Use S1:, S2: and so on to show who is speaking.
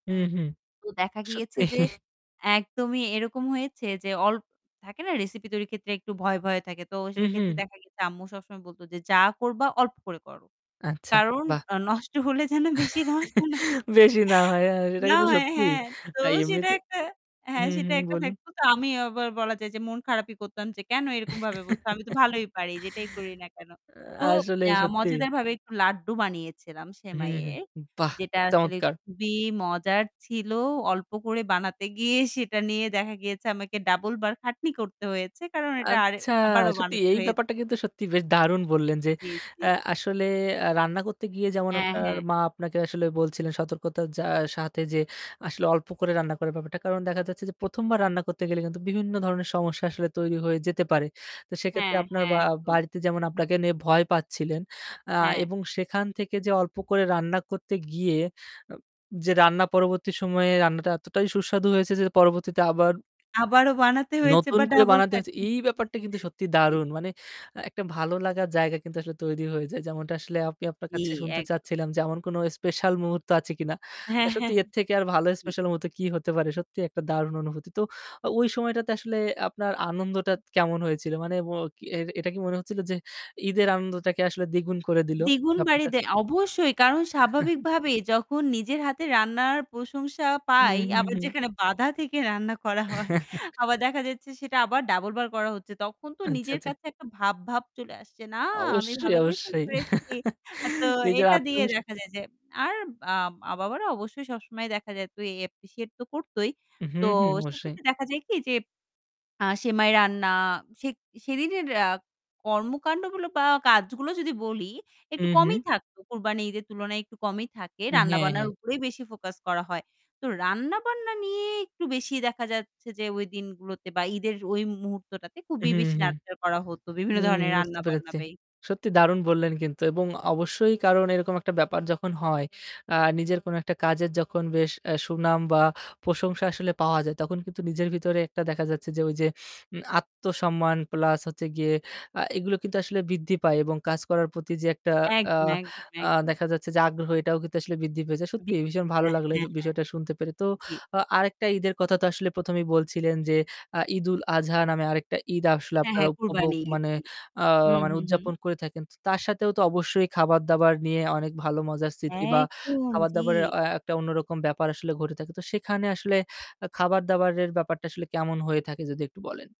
S1: হুম, হুম।
S2: তো দেখা গিয়েছে
S1: সত্যি।
S2: যে একদমই এরকম হয়েছে যে, অল্প থাকে না? রেসিপি তৈরির ক্ষেত্রে একটু ভয়, ভয় থাকে। তো সেক্ষেত্রে
S1: উহুঁ।
S2: দেখা গেছে আম্মু সবসময় বলতো যে "যা করবা, অল্প করে করো।
S1: আচ্ছা,
S2: কারণ
S1: বাহ!
S2: আ নষ্ট হলে যেন বেশি নষ্ট না হয়।"
S1: বেশি না হয়। আ সেটা
S2: না,
S1: কিন্তু সত্যি।
S2: হ্যাঁ, তো
S1: আর
S2: সেটা
S1: এমনিতে
S2: একটা হ্যাঁ
S1: হুম,
S2: সেটা
S1: হুম।
S2: একটা
S1: বলুন।
S2: থাকতো, তো আমি আবার বলা যায় যে মন খারাপই করতাম যে "কেন এরকমভাবে বলতো? আমি তো ভালোই পারি যেটাই করি না কেন?"
S1: আ
S2: তো
S1: আসলে
S2: আ
S1: সত্যি।
S2: মজাদারভাবে একটু লাড্ডু বানিয়েছিলাম
S1: হুম, হুম।
S2: সেমাইয়ের।
S1: বাহ!
S2: যেটা আসলে
S1: চমৎকার।
S2: খুবই মজার ছিল। অল্প করে বানাতে গিয়ে সেটা নিয়ে দেখা গিয়েছে আমাকে double বার খাটনি করতে হয়েছে। কারণ এটা আরে
S1: আচ্ছা,
S2: আবারও
S1: সত্যি
S2: বানাতে
S1: এই
S2: হয়েছে।
S1: ব্যাপারটা কিন্তু সত্যিই বেশ দারুণ বললেন যে
S2: জি, জি।
S1: এ আসলে আ রান্না করতে গিয়ে যেমন
S2: হ্যাঁ,
S1: আপনার
S2: হ্যাঁ।
S1: মা আপনাকে আসলে বলছিলেন, সতর্কতার আ সাথে যে আসলে অল্প করে রান্না করার ব্যাপারটা। কারণ দেখা যাচ্ছে যে ১ম বার রান্না করতে গেলে কিন্তু বিভিন্ন ধরনের সমস্যা আসলে তৈরি হয়ে যেতে পারে। তো সেক্ষেত্রে
S2: হ্যাঁ,
S1: আপনার
S2: হ্যাঁ,
S1: বা
S2: একদম।
S1: বাড়িতে যেমন আপনাকে নিয়ে ভয় পাচ্ছিলেন
S2: হ্যা।
S1: এবং আ সেখান থেকে যে অল্প করে রান্না করতে গিয়ে যে উম যে রান্না পরবর্তী সময়ে রান্নাটা এতটাই সুস্বাদু হয়েছে যে পরবর্তীতে আবার
S2: আবারও বানাতে হয়েছে
S1: নতুন
S2: বা
S1: করে
S2: double
S1: বানাতে হয়েছে।
S2: খাটনি।
S1: এই ব্যাপারটা কিন্তু সত্যিই
S2: জ্বি।
S1: দারুণ। মানে আ একটা ভালো লাগার জায়গা কিন্তু আসলে তৈরি হয়ে যায়। যেমনটা আসলে আমি আপনার
S2: জ্বী,
S1: কাছে শুনতে
S2: এক
S1: চাচ্ছিলাম যে এমন কোন স্পেশাল মুহূর্ত আছে কিনা। আ
S2: হ্যাঁ, হ্যাঁ,
S1: সত্যি এর থেকে আর ভালো
S2: জি।
S1: স্পেশাল মুহূর্তে কি হতে পারে? সত্যিই একটা দারুণ অনুভূতি। তো ও ওই সময়টাতে আসলে আপনার আনন্দটা কেমন হয়েছিল? মানে ম এটা কি মনে হচ্ছিল যে ঈদের আনন্দটাকে আসলে দ্বিগুণ করে দিলো
S2: দ্বিগুণ বাড়ি
S1: ব্যাপারটা।
S2: দেয় অবশ্যই, কারণ স্বাভাবিকভাবে যখন নিজের হাতে রান্নার প্রশংসা
S1: হুম,
S2: পাই,
S1: হুম,
S2: আবার
S1: হুম।
S2: যেখানে বাঁধা থেকে রান্না করা হয়, আবার দেখা যাচ্ছে সেটা আবার double বার করা হচ্ছে। তখন তো
S1: আচ্ছা,
S2: নিজের
S1: আচ্ছা।
S2: কাছে একটা ভাব ভাব চলে আসছে। না আমি
S1: অবশ্যই,
S2: ভালো কিছু
S1: অবশ্যই।
S2: করেছি। আ তো
S1: নিজের
S2: এটা দিয়ে
S1: আত্মবিশ
S2: দেখা যায় যে আর বা মা-বাবার অবশ্যই সবসময় দেখা যায় তুই appreciate তো করতই।
S1: হু,
S2: তো
S1: হু, অবশ্যই।
S2: সেক্ষেত্রে দেখা যায় কি? যে আ সেমাই রান্না আ সে সেদিনের আ কর্মকান্ডগুলো বা কাজগুলো যদি বলি
S1: হু,
S2: একটু কমই
S1: হু।
S2: থাকত। কুরবানী ঈদের তুলনায় একটু কমই থাকে।
S1: হ্যাঁ,
S2: রান্না-বান্নার
S1: হ্যাঁ।
S2: উপরেই বেশি focus করা হয়। তো রান্না-বান্না নিয়ে একটু বেশি দেখা যাচ্ছে যে ওই দিনগুলোতে বা ঈদের ওই মুহূর্তটাতে
S1: হুম,
S2: খুবই বেশি
S1: হুম।
S2: nurture করা হতো। বিভিন্ন
S1: হুম,
S2: ধরনের
S1: বুঝতে
S2: রান্না-বান্না
S1: পেরেছি।
S2: বে
S1: সত্যি দারুণ বললেন কিন্তু এবং অবশ্যই কারণ এরকম একটা ব্যাপার যখন হয় আ নিজের কোনো একটা কাজের যখন বেশ আ সুনাম বা প্রশংসা আসলে পাওয়া যায় তখন কিন্তু নিজের ভিতরে একটা দেখা যাচ্ছে যে ওই যে উম আত্মসম্মান প্লাস হচ্ছে গিয়ে আ এগুলো কিন্তু আসলে বৃদ্ধি পায় এবং কাজ করার প্রতি যে একটা আ
S2: একদম, একদম,
S1: আ
S2: একদম।
S1: দেখা যাচ্ছে যে আগ্রহ এটাও কিন্তু আসলে বৃদ্ধি পেয়ে যায়। সত্যিই ভীষণ
S2: [unintelligible]
S1: ভালো
S2: হ্যাঁ,
S1: লাগলো এ
S2: হ্যাঁ, হ্যাঁ।
S1: বিষয়টা শুনতে পেরে। তো
S2: জ্বী।
S1: আ আরেকটা ঈদের কথা তো আসলে ১ম এই বলছিলেন যে, আ 'ঈদুল আজহা' নামে আরেকটা ঈদ আসলে
S2: হ্যাঁ,
S1: আপনারা
S2: হ্যাঁ,
S1: উপভোগ
S2: কুরবানির ইদ,
S1: মানে
S2: জি।
S1: আ
S2: হুম,
S1: মানে
S2: হুম, হুম।
S1: উদযাপন করে থাকেন। তো তার সাথেও তো অবশ্যই খাবার-দাবার নিয়ে অনেক ভালো মজার স্মৃতি বা
S2: একদম।
S1: খাবার-দাবারের
S2: জি।
S1: আ আ একটা অন্যরকম ব্যাপার আসলে ঘটে থাকে। তো সেখানে আসলে আ খাবার-দাবারের ব্যাপারটা আসলে কেমন হয়ে থাকে যদি একটু বলেন?